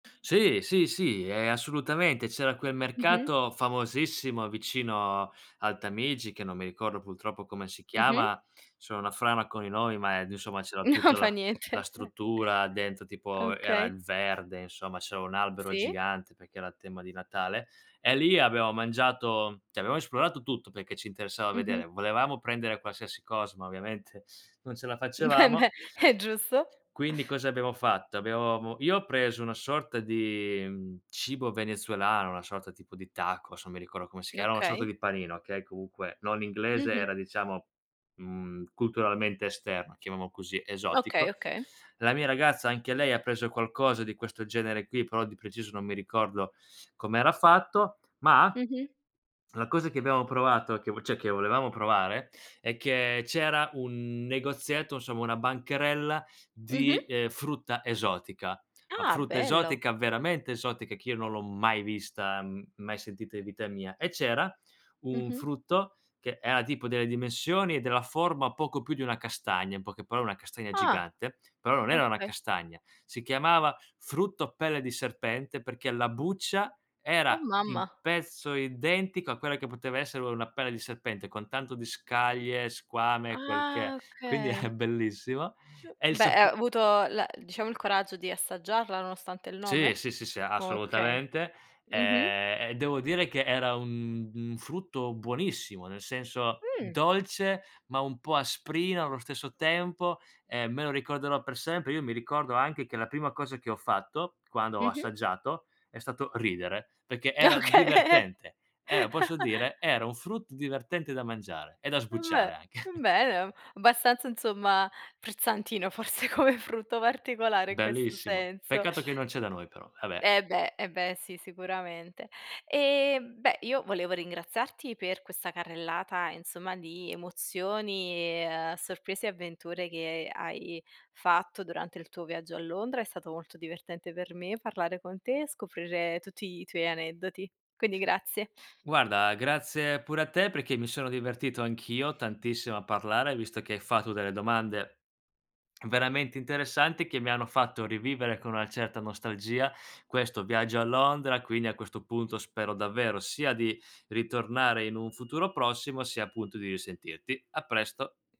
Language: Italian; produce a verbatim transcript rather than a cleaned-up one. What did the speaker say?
Sì, sì, sì, ehm, assolutamente. C'era quel Mh-mh. mercato famosissimo vicino al Tamigi, che non mi ricordo pultroppo come si Mh-mh. chiama; sono una frana con i nomi, ma ed insomma c'era Non tutta fa la la niente. struttura dentro, tipo era Okay. il verde, insomma, c'era un albero Sì. gigante perché era tema di Natale, e lì abbiamo mangiato cioè abbiamo esplorato tutto perché ci interessava Mh-mh. vedere. Volevamo prendere qualsiasi cosa, ma ovviamente non ce la Eh facevamo. beh, è giusto. Quindi cosa abbiamo fatto? Abbia avevamo io ho preso una sorta di cibo venezuelano, una sorta tipo di tacos, non mi ricordo come si chiama, una sorta Okay. di panino, okay, comunque non è inglese, Mh-mh. era diciamo, mhmm, culturalmente esterno, chiamiamolo così, Okay, esotico. okay. La mia ragazza anche lei ha preso qualcosa di questo genere qui, però di preciso non mi ricordo com'era fatto, ma Mh-mh. la cosa che abbiamo provato, che cioè che volevamo provare, è che c'era un negozietto, insomma una bancarella Mh-mh. di, ehm, frutta esotica. La Ah, frutta bello! esotica veramente esotica, che io non l'ho mai vista, m mai sentita in vita mia. E c'era un Mh-mh. frutto che era tipo delle dimensioni e della forma poco più di una castagna, in poche parole una castagna Ah. gigante, però non era una Okay. castagna. Si chiamava: "Frutto pelle di serpente" perché la buccia Oh era di mamma! pezzo identico a quella che poteva essere una pelle di serpente, con tanto di scaglie, squame, quel che è. Ah, Quindi era okay. bellissimo. Uhm, E il beh, sap ha avuto l diciamo il coraggio di assaggiarla nonostante il Sì, nome? sì, sì, sì, Okay. assolutamente. Mh-mh. Ehm, e devo dire che era un un frutto buonissimo, nel senso Mh. dolce, ma un po' asprino allo stesso tempo. Ehm, me lo ricorderò per sempre. Io mi ricordo anche che la prima cosa che ho fatto quando ho Mh-mh. assaggiato è stato ridere, perché era Okay. divertente. Eh, lo posso dire? Era un frutto divertente da mangiare e da embeh, sbucciare anche. embeh, abbastanza, insomma, frizzantino forse come frutto, particolare in questo Bellissimo. senso. Peccato che non c'è da noi però, vabbè. Eh beh, eh beh sì, sicuramente. E beh, io volevo ringraziarti per questa carrellata, insomma, di emozioni e, uhm, sorprese e avventure che hai fatto durante il tuo viaggio a Londra. È stato molto divertente per me parlare con te e scoprire tutti i tuoi aneddoti. Quindi grazie. Guarda, grazie pure a te perché mi sono divertito anch'io tantissimo a parlare, visto che hai fatto delle domande veramente interessanti che mi hanno fatto rivivere con una certa nostalgia questo viaggio a Londra. Quindi a questo punto spero davvero sia di ritornare in un futuro prossimo, sia appunto di risentirti. A presto.